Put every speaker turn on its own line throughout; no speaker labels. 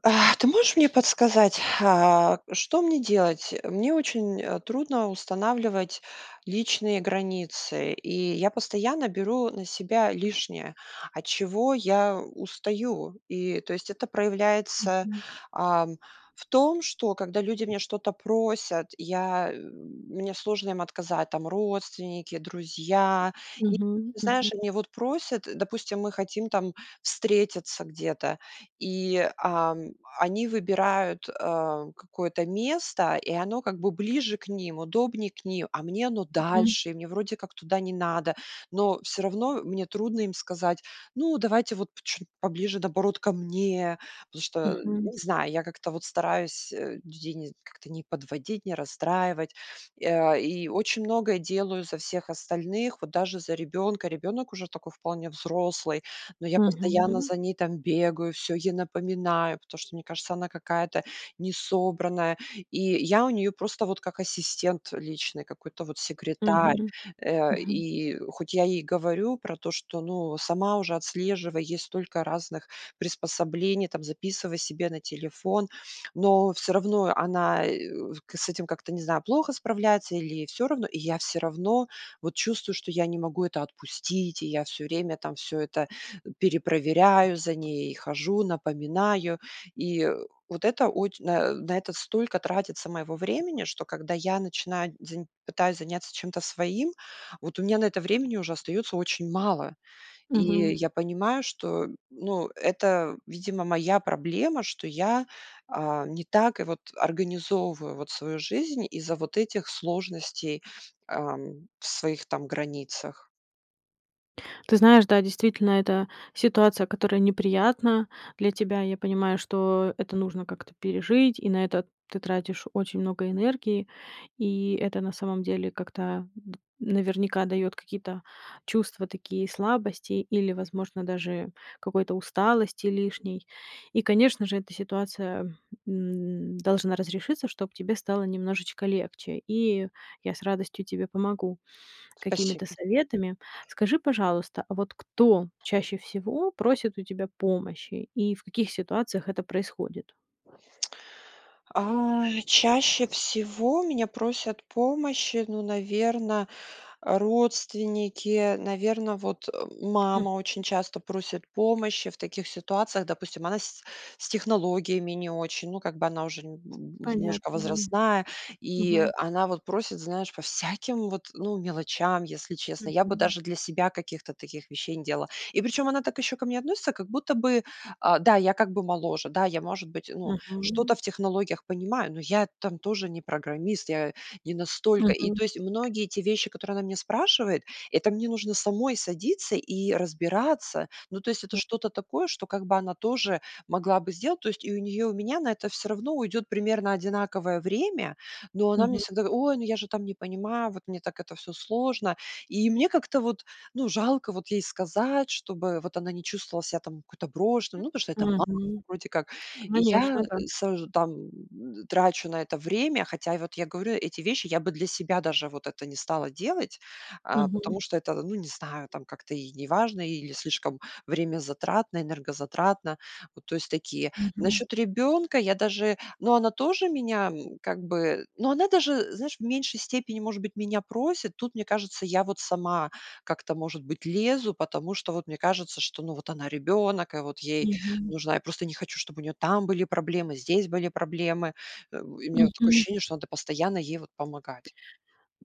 А. Ты можешь мне подсказать, а, что мне делать? Мне очень трудно устанавливать личные границы, и я постоянно беру на себя лишнее, от чего я устаю. И, то есть это проявляется,
Мгм.
а, в том, что когда люди у меня что-то просят, я мне сложно им отказать, там родственники, друзья. И
Мгм мгм.
знаешь, они вот просят, допустим, мы хотим там встретиться где-то, и, а, они выбирают, а, какое-то место, и оно как бы ближе к ним, удобнее к ним. А мне оно
Мгм.
дальше, и мне вроде как туда не надо. Но всё равно мне трудно им сказать: "Ну, давайте, вот, чуть поближе, наоборот, ко мне". Потому что,
Мгм.
не знаю, я как-то вот стараюсь людей не как-то не подводить, не расстраивать, а, и очень многое делаю за всех остальных, вот даже за ребёнка. Ребёнок уже такой вполне взрослый, но я постоянно
Мгм.
за ней там бегаю, всё ей напоминаю, потому что, мне кажется, она какая-то несобранная. И я у неё просто вот как ассистент личный, какой-то вот секретарь.
Мгм
Э,
мгм.
и хоть я ей говорю про то, что, ну, сама уже отслеживай, есть столько разных приспособлений, там записывай себе на телефон, но всё равно она, э, с этим как-то, не знаю, плохо справляется или ей всё равно, и я всё равно вот чувствую, что я не могу это отпустить, и я всё время там всё это перепроверяю, за ней хожу, напоминаю. И вот это оч на это столько тратится моего времени, что когда я начинаю день, пытаюсь заняться чем-то своим, вот у меня на это времени уже остаётся очень мало. И
Мгм.
я понимаю, что, ну, это, видимо, моя проблема, что я, а, не так вот организовываю вот свою жизнь из-за вот этих сложностей, э, своих там границах.
Ты знаешь, да, действительно, это ситуация, которая неприятна для тебя. Я понимаю, что это нужно как-то пережить, и на это ты тратишь очень много энергии. И это на самом деле как-то наверняка дает какие-то чувства такие слабости или, возможно, даже какой-то усталости лишней. И, конечно же, эта ситуация, м, должна разрешиться, чтоб тебе стало немножечко легче. И я с радостью тебе помогу какими-то
Спасибо.
советами. Скажи, пожалуйста, а вот кто чаще всего просит у тебя помощи и в каких ситуациях это происходит?
А, чаще всего у меня просят помощи, ну, наверно, родственники. Наверно, вот
Мгм.
мама очень часто просит помощи в таких ситуациях. Допустим, она с с технологиями не очень, ну, как бы она уже немножко
Понятно, да.
возрастная, и
Мгм.
она вот просит, знаешь, по всяким вот, ну, мелочам. Если честно, я бы
Мгм.
даже для себя каких-то таких вещей не делала. И причем она так ещё ко мне относится, как будто бы, а, да, я как бы моложе. Да, я, может быть, ну, что-то
Мгм.
в технологиях понимаю, но я там тоже не программист, я не настолько И
Мгм.
то есть многие те вещи, которые она меня спрашивает,- это мне нужно самой садиться и разбираться. Ну, то есть это что-то такое, что как бы она тоже могла бы сделать. То есть и у неё, и у меня на это всё равно уйдет примерно одинаковое время. Но она мне
Мгм.
всегда: "Ой, ну я же там не понимаю, вот мне так это всё сложно". И мне как-то вот, ну, жалко вот ей сказать, чтобы вот она не чувствовала себя там какой-то брошенной. Ну, потому что это мама,
Мгм.
вроде как. И
Конечно,
я
да.
сажу там трачу на это время. Хотя вот я говорю эти вещи, я бы для себя даже вот это не стала делать, а,
Мгм.
потому что это, ну, не знаю, там как-то и неважно или слишком времязатратно, энергозатратно. То есть такие.
Мгм.
Насчёт ребёнка я даже ну, она тоже меня как бы, ну, она даже, знаешь, в меньшей степени, может быть, меня просит. Тут, мне кажется, я вот сама как-то, может быть, лезу, потому что вот мне кажется, что, ну, вот она ребёнок, и вот ей
Мгм.
нужна Я просто не хочу, чтобы у нее там были проблемы, здесь были проблемы. У меня такое
Мгм.
ощущение, что надо постоянно ей вот помогать.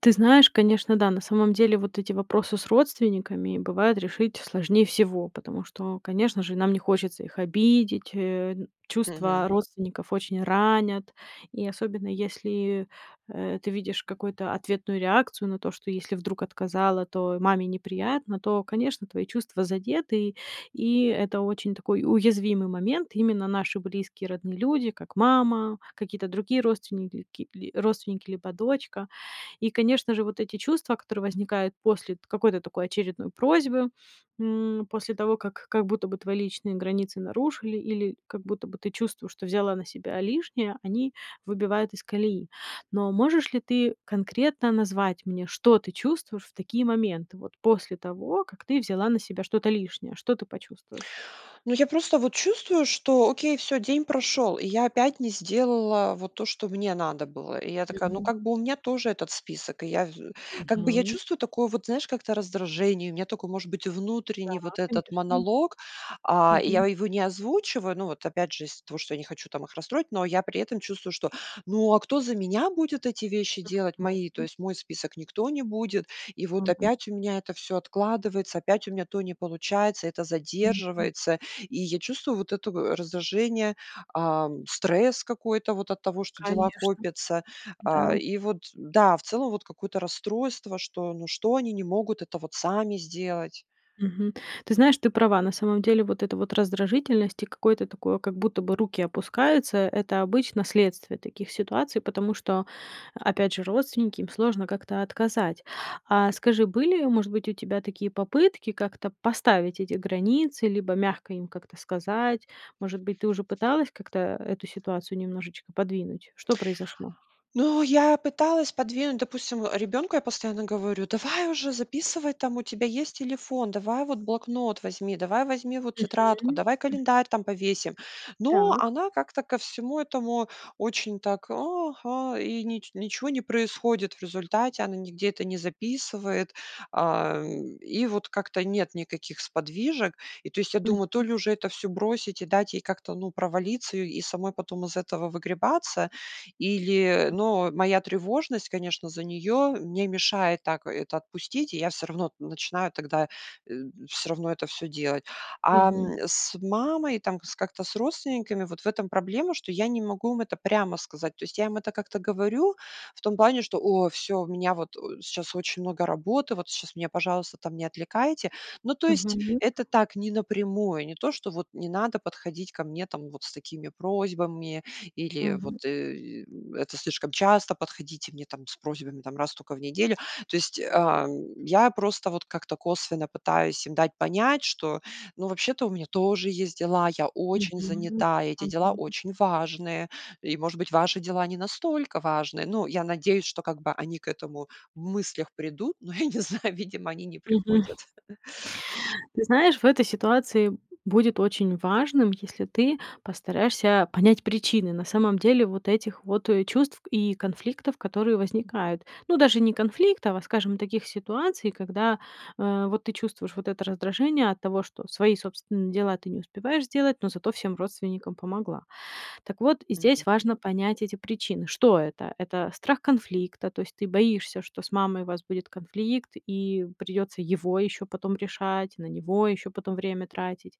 Ты знаешь, конечно, да. На самом деле вот эти вопросы с родственниками бывает решить сложнее всего, потому что, конечно же, нам не хочется их обидеть. Э,
Мгм.
чувства родственников очень ранят, и особенно если, э, ты видишь какую-то ответную реакцию на то, что если вдруг отказала, то маме неприятно, то, конечно, твои чувства задеты. И это очень такой уязвимый момент. Именно наши близкие родные люди, как мама, какие-то другие родственники, родственники либо дочка. И, конечно же, вот эти чувства, которые возникают после какой-то такой очередной просьбы, м, после того как как будто бы твои личные границы нарушили или как будто бы ты чувствуешь, что взяла на себя лишнее, они выбивают из колеи. Но можешь ли ты конкретно назвать мне, что ты чувствуешь в такие моменты, вот после того как ты взяла на себя что-то лишнее, что ты почувствуешь?
Ну, я просто вот чувствую, что окей, всё, день прошел. И я опять не сделала вот то, что мне надо было. И я такая, ну,
Мгм.
как бы, у меня тоже этот список. Я, как бы я
Мгм.
чувствую такое вот, знаешь, как-то раздражение, у меня такой может быть
Да,
внутренний вот этот
конечно.
монолог. А, я
Мгм.
его не озвучиваю. Ну, вот опять же из-за того, что я не хочу там их расстроить, но я при этом чувствую, что, ну, а кто за меня будет эти вещи делать мои? То
Согласна.
есть мой список никто не будет. И вот
Мгм.
опять у меня это всё откладывается, опять у меня то не получается, это
Мгм.
задерживается. И я чувствую вот это раздражение, а, стресс какой-то вот от того, что дела
Конечно,
копятся. А,
да.
и вот да, в целом, вот какое-то расстройство, что, ну, что они не могут это вот сами сделать.
Мгм. Ты знаешь, ты права. На самом деле вот эта вот раздражительность и какое-то такое, как будто бы руки опускаются,- это обычно следствие таких ситуаций, потому что, опять же, родственники, им сложно как-то отказать. А скажи, были, может быть, у тебя такие попытки как-то поставить эти границы либо мягко им как-то сказать? Может быть, ты уже пыталась как-то эту ситуацию немножечко подвинуть? Что произошло?
Ну, я пыталась подвинуть, допустим, ребёнку я постоянно говорю: "Давай уже записывай, там у тебя есть телефон, давай вот блокнот возьми, давай возьми вот тетрадку,
Мгм.
давай
М.
календарь там повесим". Но
Так.
она как-то ко всему этому очень так: "Ага", и нич ничего не происходит в результате. Она нигде это не записывает, а, и вот как-то нет никаких сподвижек. И то есть, я
Мгм.
думаю, то ли уже это всё бросить и дать ей как-то, ну, провалиться и самой потом из этого выгребаться, или, ну, моя тревожность, конечно, за неё мне мешает так это отпустить, и я всё равно начинаю тогда всё равно это всё делать. А,
Мгм.
м, с мамой, там как-то с родственниками вот в этом проблема, что я не могу им это прямо сказать. То есть я им это как-то говорю в том плане, что: "О, всё, у меня вот сейчас очень много работы, вот сейчас меня, пожалуйста, там не отвлекаете". Ну, то есть
Мгм.
это так не напрямую, не то, что вот не надо подходить ко мне там вот с такими просьбами или
Мгм.
вот, э, это слишком часто подходите мне там с просьбами раз токо в неделю. То есть, а, я просто вот как-то косвенно пытаюсь им дать понять, что, ну, вообще-то, у меня тоже есть дела, я очень
Мгм.
занята, эти дела
Мгм.
очень важные. И, может быть, ваши дела не настолько важны. Ну, я надеюсь, что как бы они к этому в мыслях придут. Но я не знаю, видимо, они не
Мгм,
приходят.
ты знаешь, в этой ситуации будет очень важным, если ты постараешься понять причины, на самом деле, вот этих вот чувств и конфликтов, которые возникают. Но даже не конфликтов, а, скажем, таких ситуаций, когда, э, вот ты чувствуешь вот это раздражение от того, что свои собственные дела ты не успеваешь сделать, но зато всем родственникам помогла. Так вот
Мгм.
здесь важно понять эти причины. Что это? Это страх конфликта, то есть ты боишься, что с мамой у вас будет конфликт и придется его ещё потом решать, на него ещё потом время тратить.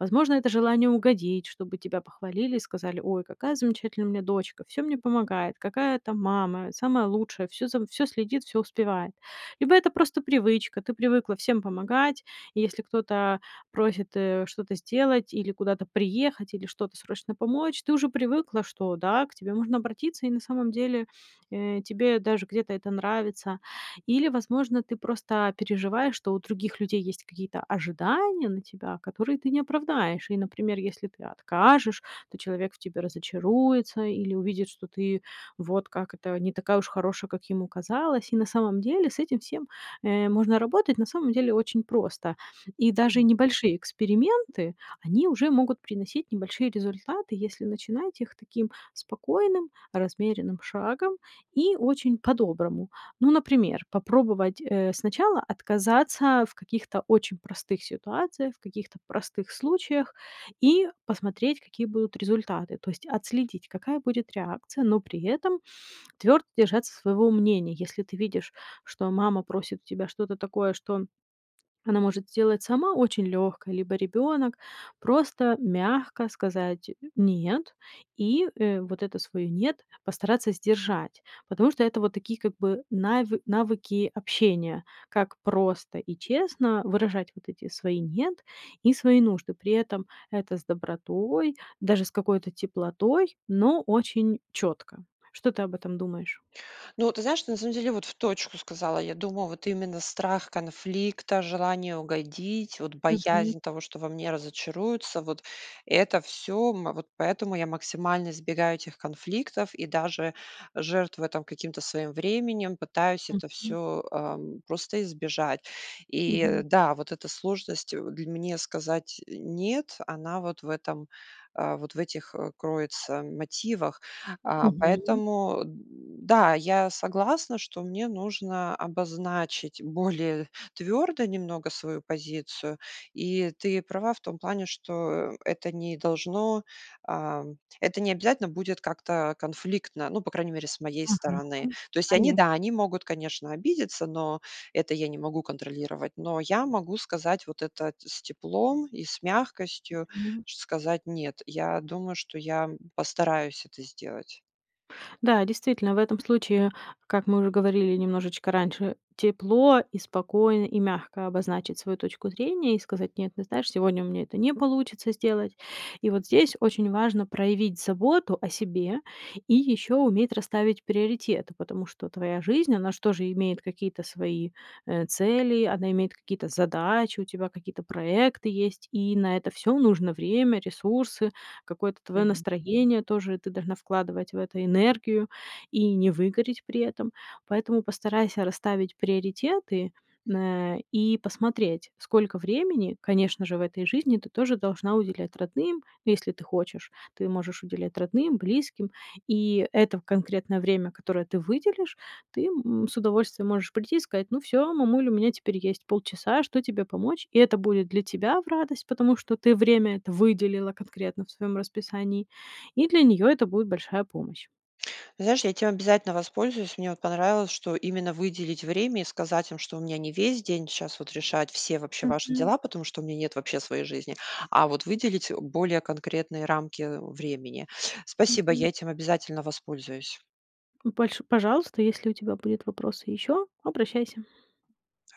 Возможно, это желание угодить, чтобы тебя похвалили и сказали: "Ой, какая замечательная у меня дочка, всё мне помогает, какая-то мама, самая лучшая, всё, всё следит, всё успевает". Либо это просто привычка, ты привыкла всем помогать, и если кто-то просит, э, что-то сделать, или куда-то приехать, или что-то срочно помочь, ты уже привыкла, что да, к тебе можно обратиться, и на самом деле, э, тебе даже где-то это нравится, или, возможно, ты просто переживаешь, что у других людей есть какие-то ожидания на тебя, которые ты не оправдаешь, и, например, если ты откажешь- то человек в тебе разочаруется или увидит, что ты вот как это, не такая уж хорошая, как ему казалось. И на самом деле с этим всем, э, можно работать, на самом деле, очень просто. И даже
Мгм.
небольшие эксперименты, они уже могут приносить небольшие результаты, если начинать их таким спокойным размеренным шагом и очень по-доброму. Ну, например, попробовать, э, сначала отказаться в каких-то очень простых ситуациях, в каких-то простых случаях и посмотреть, какие будут результаты, то есть отследить, какая будет реакция, но при этом твердо держаться своего мнения. Если ты видишь, что мама просит тебя что-то такое, что она может сделать сама, очень лёгкое, либо ребёнок, просто мягко сказать: "Нет". И, э, вот это свое "нет" постараться сдержать, потому что это вот такие как бы нави навыки общения, как просто и честно выражать вот эти свои "нет" и свои нужды. При этом это с добротой, даже с какой-то теплотой, но очень чётко. Что ты об этом думаешь?
Ну вот, ты знаешь, что на самом деле в точку сказала. Я думаю, вот именно страх конфликта, желание угодить, вот
Мгм.
боязнь того, что во мне разочаруются, вот это всё. Вот поэтому я максимально избегаю этих конфликтов и даже жертвую, там, каким-то своим временем, пытаюсь это
Мгм.
всё, ам, просто избежать. И
Мгм.
да, вот эта сложность для мне сказать нет, она вот в этом, а, вот в этих кроется мотивах. А,
Мгм.
поэтому да, я согласна, что мне нужно обозначить более твёрдо немного свою позицию. И ты права в том плане, что это не должно а, это не обязательно будет как-то конфликтно, ну, по крайней мере, с моей
Ага,
стороны. То есть они, да,
конечно.
они могут, конечно, обидеться, но это я не могу контролировать. Но я могу сказать вот это с теплом и с мягкостью,
Мгм.
сказать: "Нет". Я думаю, что я постараюсь это сделать.
Да, действительно, в этом случае, как мы уже говорили немножечко раньше: тепло, и спокойно, и мягко обозначить свою точку зрения и сказать: "Нет, ты знаешь, сегодня у меня это не получится сделать". И вот здесь очень важно проявить заботу о себе и ещё уметь расставить приоритеты. Потому что твоя жизнь, она ж тоже имеет какие-то свои, э, цели, она имеет какие-то задачи, у тебя какие-то проекты есть, и на это всё нужно время, ресурсы, какое-то твое
Мгм.
настроение, тоже ты должна вкладывать в это энергию и не выгореть при этом. Поэтому постарайся расставить приоритеты на и посмотреть: сколько времени, конечно же, в этой жизни ты тоже должна уделять родным, если ты хочешь. Ты можешь уделять родным, близким, и это конкретное время, которое ты выделишь, ты с удовольствием можешь прийти и сказать: "Ну, всё, мамуль, у меня теперь есть полчаса, что тебе помочь?" И это будет для тебя в радость, потому что ты время это выделила конкретно в своём расписании, и для неё это будет большая помощь.
Знаешь, я этим обязательно воспользуюсь. Мне понравилось, что именно выделить время и сказать им, что у меня не весь день сейчас вот решать все вообще ваши
Мгм.
дела, потому что у меня нет вообще своей жизни. А вот выделить более конкретные рамки времени. Спасибо.
Мгм.
Я этим обязательно воспользуюсь.
Ну, больш пожалуйста, если у тебя будут вопросы ещё, обращайся.
Хоро